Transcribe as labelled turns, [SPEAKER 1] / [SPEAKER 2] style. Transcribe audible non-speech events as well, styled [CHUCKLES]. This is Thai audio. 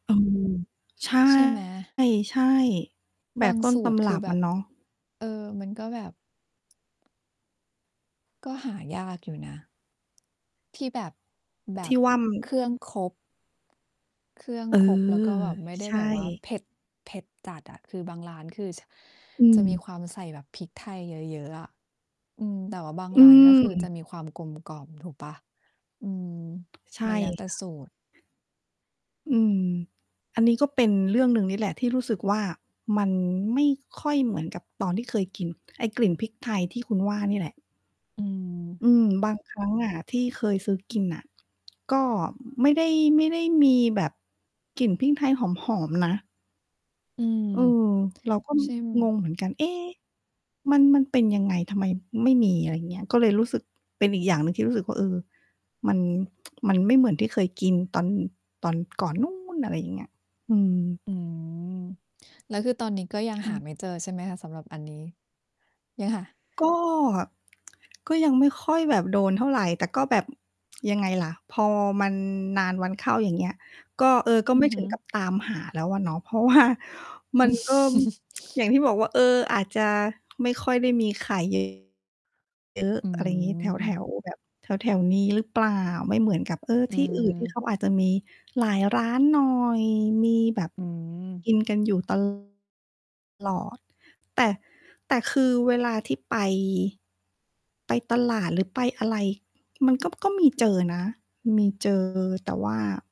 [SPEAKER 1] เออ ใช่
[SPEAKER 2] ใช่ไหม?
[SPEAKER 1] ใช่ แบ
[SPEAKER 2] บา
[SPEAKER 1] บ
[SPEAKER 2] ง
[SPEAKER 1] ต้น
[SPEAKER 2] สู
[SPEAKER 1] ต
[SPEAKER 2] ตร
[SPEAKER 1] ำ
[SPEAKER 2] ค
[SPEAKER 1] ร
[SPEAKER 2] ือ
[SPEAKER 1] ับ
[SPEAKER 2] แบ
[SPEAKER 1] อะ
[SPEAKER 2] บ
[SPEAKER 1] เนาะ
[SPEAKER 2] เออ มันก็แบบ ก็หายากอยู่นะ ที่แบบ แบ
[SPEAKER 1] ที่
[SPEAKER 2] บ
[SPEAKER 1] ว่ามัน
[SPEAKER 2] เครื่องครบ เครื่อง
[SPEAKER 1] เอ
[SPEAKER 2] ครบ แล้วก็
[SPEAKER 1] อ
[SPEAKER 2] แบบไม่ได
[SPEAKER 1] ใ
[SPEAKER 2] ้
[SPEAKER 1] ช
[SPEAKER 2] แบบว่า
[SPEAKER 1] ่
[SPEAKER 2] เผ็ด เผ็ดจัดอะ คือบางร้านคือ ช
[SPEAKER 1] อ
[SPEAKER 2] จ
[SPEAKER 1] ื
[SPEAKER 2] ะมี
[SPEAKER 1] ม
[SPEAKER 2] ความใส่แบบพริกไทยเยอะ ๆ อะ อืม แต่ว่าบาง
[SPEAKER 1] อ
[SPEAKER 2] ร
[SPEAKER 1] ื
[SPEAKER 2] ้านก็คือจ
[SPEAKER 1] ม
[SPEAKER 2] ะมีความกลมกล่อม ถูกเปล่า? อืม
[SPEAKER 1] ใช
[SPEAKER 2] ม
[SPEAKER 1] ่
[SPEAKER 2] ันแล้วแต่
[SPEAKER 1] ค่ะ
[SPEAKER 2] สูตร
[SPEAKER 1] อืม อันนี้ก็เป็นเรื่องหนึ่งนี่แหละที่รู้สึกว่า มันไม่ค่อยเหมือนกับตอนที่ เคยกิน ไอ้กลิ่น พริกไทยที่คุณว่านี่แหละ
[SPEAKER 2] อืม
[SPEAKER 1] อืม บางครั้ง อะที่เคยซื้อกินน่ะ ก็ไม่ได้ ไม่ได้มีแบบกลิ่นพริกไทยหอม ๆ นะ
[SPEAKER 2] อืม
[SPEAKER 1] เออ เรา ก็ ม
[SPEAKER 2] ใช่
[SPEAKER 1] ง
[SPEAKER 2] ม
[SPEAKER 1] งเหมือนกัน เอ๊ มัน มันเป็นยังไง ทำไมไม่มี อะไรเงี้ย ก็เลยรู้สึก เป็นอีกอย่างหนึ่งที่รู้สึกว่า เออ มัน [TSK] มันไม่เหมือนที่เคยกินตอน ตอนก่อนนู้น อะไรอย่างเงี้ย อืม
[SPEAKER 2] อืม แล้วคือตอนนี้ ก็ยัง
[SPEAKER 1] ค่
[SPEAKER 2] หา
[SPEAKER 1] ะ
[SPEAKER 2] ไม่เจอ ใช่ไหมคะ? สำหรับอันนี้ ยังหา
[SPEAKER 1] ก็ ก็ยังไม่ค่อยแบบโดนเท่าไร แต่ก็แบบ ยังไงล่ะ พอมันนานวันเข้า อย่างเงี้ย ก็ เออ ก็
[SPEAKER 2] อื
[SPEAKER 1] ไม
[SPEAKER 2] อ
[SPEAKER 1] ่
[SPEAKER 2] ฮ
[SPEAKER 1] ถึ
[SPEAKER 2] ึ
[SPEAKER 1] งกับตามหาแล้วอะเนาะ เพราะ ว่า มันก็
[SPEAKER 2] [CHUCKLES]
[SPEAKER 1] [TSK] อย่างที่บอกว่า เออ อาจจะ ไม่ค่อยได้มีไข่ เยอะ เยอะ
[SPEAKER 2] อื
[SPEAKER 1] อะไรงี้ แถ
[SPEAKER 2] ม
[SPEAKER 1] ว ๆ แบบ แถว ๆ นี้หรือเปล่า ไม่เหมือนกับ เออ
[SPEAKER 2] อื
[SPEAKER 1] ที่ อื่นที่
[SPEAKER 2] ม
[SPEAKER 1] เขาอาจจะมี หลายร้านหน่อย มีแบบ
[SPEAKER 2] อืม
[SPEAKER 1] กินกันอยู่ตลอด แต่ แต่คือเวลาที่ไป ไปตลาด หรือไปอะไร มันก็ ก็มีเจอนะ มี เจอ แต่ว่า